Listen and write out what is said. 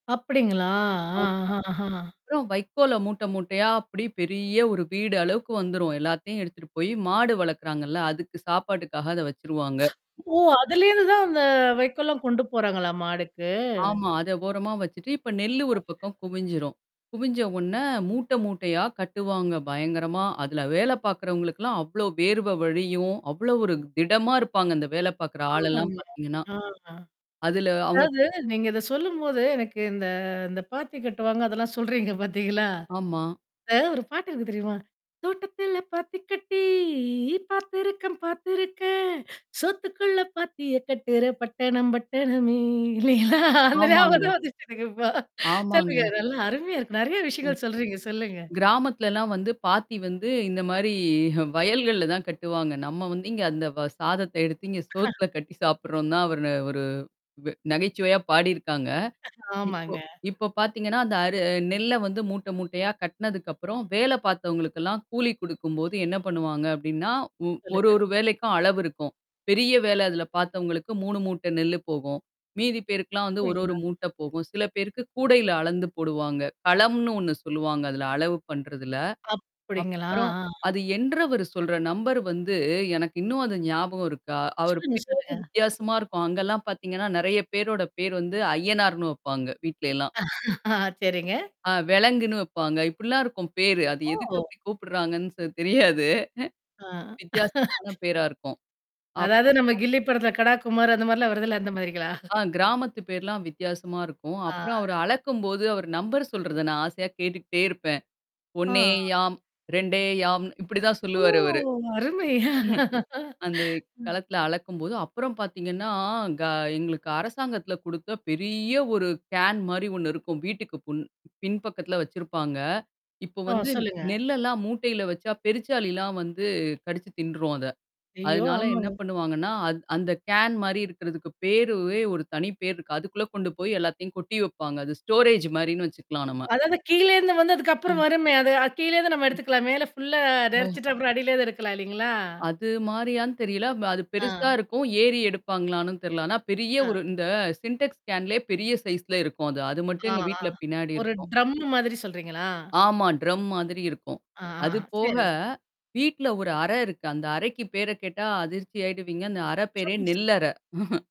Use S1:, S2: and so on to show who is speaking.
S1: அப்டிங்களா,
S2: ஆமா.
S1: ஆஹ ஆஹ்ஹா.
S2: அப்புறம் வைக்கோல மூட்டை, மூட்டையா அப்டி பெரிய 1 வீடு அளவுக்கு வந்துரும். எல்லாத்தையும் எடுத்துட்டு போயி மாடு வளர்க்கறாங்கல்ல. அதுக்கு சாப்பாட்டுக்காக அத வச்சுருவாங்க.
S1: ஓ! அதுலேந்து தான், அந்த வைக்கோல்லாம் கொண்டு போறாங்களா, மாடுக்கு?
S2: ஆமா. அத ஓரமா வச்சுட்டு, இப்ப நெல்லு ஒரு பக்கம் குவிஞ்சிரும். குவிஞ்ச ஒண்ணே மூட்ட, மூட்டையா கட்டுவாங்க பயங்கரமா. அதுல வேல பார்க்கறவங்களுக்கல்லாம், அவ்ளோ வேர்வ வழியும், அவ்ளோ ஒரு திடமா இருப்பாங்க, இந்த வேல பார்கற ஆளெல்லாம்
S1: ஆமாங்க.
S2: பார்த்தீங்கன்னா!
S1: ஆ,
S2: அதுல அவவுங்க
S1: அதாவது, நீங்க இத சொல்லும்போது, எனக்கு இந்த இந்த பாத்தி கட்டுவாங்க அதெல்லாம் சொல்றீங்க பாத்தீங்களா?
S2: ஆமா.
S1: அதாது 1 பாட்டு இருக்கு, தெரியுமா? தோட்டத்துல பாத்தி கட்டி பார்த்திருக்கன், பார்த்திருக்கன்! சோத்துக்குள்ள பாத்திய கட்டுற பட்டணம் பட்டணமே! இல்லைங்கள்ளா? அந்த ஞாபகம்
S2: ஆமாங்க.
S1: தான் வந்துச்சுதுங்க, இப்ப!
S2: ஆமாங்க.
S1: சொல்லுங்க. நல்லா அருமையா இருக்கு! நெற
S2: ம்.
S1: விஷயங்கள் சொல்றீங்க, சொல்லுங்க.
S2: கிராமத்துலலாம் வந்து, பாத்தி வந்து இந்த மாரி வயல்கள்ல தான் கட்டுவாங்க. நம்ம வந்து, இங்க அந்த வ சாதத்த எடுத்து, இங்க சோத்துல கட்டி சாப்பட்றோம் தான், அவரு ஒரு வெ நகைச்சுவையா பாடியிருக்காங்க. இப்போ
S1: ஆமாங்க.
S2: இப்போ பாத்தீங்கன்னா, அந்த அரு நெல்ல வந்து மூட்ட, மூட்டையா கட்டனதுக்கப்புறம், வேல பார்த்தவங்களுக்கெல்லாம் கூலி குடுக்கும்போது என்ன பண்ணுவாங்க அப்டின்னா, ஒ 1,
S1: சொல்லுங்க.
S2: 1 வேலைக்கும் அளவு இருக்கும். பெரிய வேலை அதில பார்த்தவங்களுக்கு 3 மூட்ட நெல்லு போகும். மீதி பேருக்குலாம் வந்து 1, 1
S1: அப்டிங்களா
S2: மூட்டை போகும். சில பேருக்கு கூடையில அளந்து போடுவாங்க. களம்னு 1 சொல்லுவாங்க, அதுல அளவு பண்றதுல.
S1: அப்படிங்களா?
S2: அப்புறம்
S1: ஆஹ்?
S2: அது என்றவர் சொல்ற நம்பர் வந்து எனக்கு இன்னும் அது ஞாபகம் இருக்கா? அவரு
S1: சொல்லுங்க,
S2: பேரு
S1: சொல்லுங்க.
S2: வித்தியாசமா இருக்கும். அங்கல்லாம் பாத்தீங்கன்னா, நெறைய பேரோட பேரு வந்து அய்யனார்ன்னு வைப்பாங்க, வீட்லயெல்லாம்.
S1: சேரிங்க.
S2: ஆ வெலங்குன்னு வைப்பாங்க. இப்படிலாம் இருக்கும் பேரு. அது எதுக்கு
S1: ஓ!
S2: அப்படி கூப்படுறாங்கன்னு சொ தெரியாது.
S1: ஆஹ்!
S2: வித்தியாசமான பேரா இருக்கும். அப்.
S1: அதாவது நம்ம கில்லி படத்துல, கடா குமாரு அந்த மாரிலாம் வருதுல்ல, அந்த மாரிங்களா?
S2: ஆ கிராமத்து பேருலாம் வித்தியாசமா இருக்கும்.
S1: ஆ.
S2: அப்புறம் அவரு அளக்கும்போது, அவரு நம்பர சொல்றத நான் ஆசையா கேட்டுக்கிட்டே இருப்பேன்.
S1: ஆ.
S2: 1,2 இப்படிதான்
S1: ஓ!
S2: சொல்லுவாரு அவரு.
S1: அருமை!
S2: அந்த
S1: ம்.
S2: களத்தில அளக்கும்போது, அப்புறம் பாத்தீங்கன்னா, க எங்களுக்கு அரசாங்கத்தில குடுத்த பெரிய ஒரு கேன் மாரி 1 இருக்கும். வீட்டுக்கு புன் பின் பக்கத்தல வச்சிருப்பாங்க. இப்போ
S1: ஓ!
S2: வந்து
S1: சொல்லுங்க.
S2: நெல்லெல்லாம் மூட்டையில வச்சா பெருச்சாளிலாம் வந்து கடிச்சு தின்ட்ரும் அத.
S1: ஐயோ!
S2: அதனால
S1: ஆமாங்க.
S2: என்ன பண்ணுவாங்கன்னா, அது அந்த கேன் மாரி இருக்கிறதுக்கு பேருவே ஒரு தனி பேர் இருக்கு. அதுக்குள்ள கொண்டு போய் எல்லாத்தையும் கொட்டி வைப்பாங்க. அது ஸ்டோரேஜ் மாரின்னு வச்சுக்கலாம் நம்ம.
S1: அதாவது கீழேந்து வந்து,
S2: அ.
S1: அதுக்கப்புறம் வருமே? அது கீழேந்து நம்ம எடுத்துக்கலாம். மேல ஃ புல்லா
S2: அ.
S1: நெறச்சுட்டு, அப்புறம் அடியிலேந்து எடுக்கலாம், இல்லைங்களா?
S2: அது மாரியான்னு தெரியல. அது பெருசா
S1: ஆ.
S2: இருக்கும். ஏறி எடுப்பாங்களான்னும் தெர்ல. ஆனா ,பெரிய
S1: ஆ.
S2: ஒரு இந்த சின்டெக்ஸ் கேன் லயே பெரிய சைஸ் ல இருக்கும் அது. அது மட்டும்
S1: ஆ,
S2: எங்க
S1: ஆ.
S2: வீட்ல பின்னாடி
S1: ஒரு
S2: இருக்கும்.
S1: ட்ரம்மு மாதிரி சொல்றீங்களா?
S2: ஆமா. ட்ரம் மாதிரி இருக்கும்.
S1: ஆ, ஆ
S2: அது போக.
S1: சேரி.
S2: வீட்ல ஒரு அறை இருக்கு. அந்த அறைக்கு பேர கேட்டா அதிர்ச்சி ஆயிடுவீங்க. அந்த அறை பேரே
S1: [unintelligible]
S2: நெல்லறை!